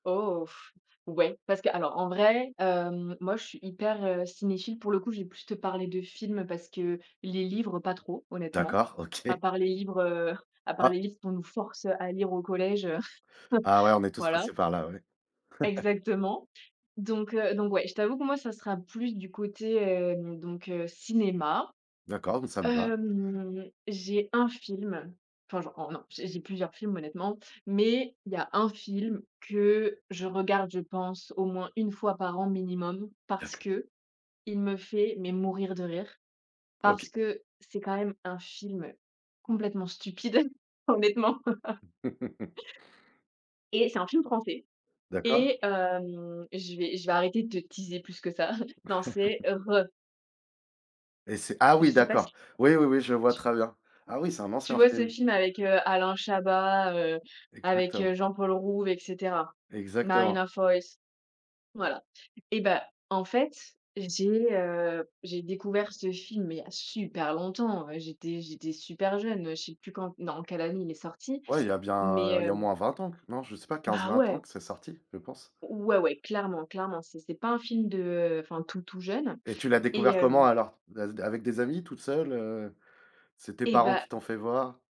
Oh f ouais, parce qu'alors, en vrai, hem, moi, je suis hyper, heu, cinéphile. Pour le coup, je vais plus te parler de films parce que les livres, pas trop, honnêtement, D'accord, à OK. part les livres, heu, à part Ah. les livres qu'on nous force à lire au collège, heu Ah, ouais, on est tous voilà. passés par là, ouais. Exactement donc heu, donc ouais, je t'avoue que moi, ça sera plus du côté, hem, donc heu, cinéma. D'accord, mmh, ça me va. Hem, j'ai 1 film enfin, j'en non, j'ai j'ai plusieurs films, honnêtement mais il y a 1 film que je regarde, je pense, au moins 1 fois par an minimum parce D'ac qu'il me fait mais mourir de rire parce OK. que c'est quand même un film complètement stupide, honnêtement et c'est un film français D'accord. et hem, je vais je vais arrêter de te teaser plus que ça. Non c'est, RRRrrrr!!!. Et c'est ah, Je oui, sais pas s d'accord, oui, oui, oui, je vois tu très bien. Ah, oui, c'est un Tu ancien vois ce film. film avec, heu, Alain Chabat, heu, avec, Exactement. heu, Jean-Paul Rouve et cetera, Marina Exactement. Foïs. Voilà et bah, en fait, j'ai, heu, j'ai découvert ce film mais il y a super longtemps, j'étais j'étais super super jeune, heu, je sais plus quand en quelle année il est sorti, Ouais, il y a bien, heu mais il y a au heu moins 20 ans. Non, je sais pas Bah, 15-20 ans ouais! que c'est sorti, je pense. Ouais, ouais, clairement, clairement. C'est c'est pas un film de enfin, tout, tout jeune Et tu l'as et découvert comment hem alors? D avec des amis? Toute seule, heu c'est tes Eh, parents bah qui t'ont fait voir?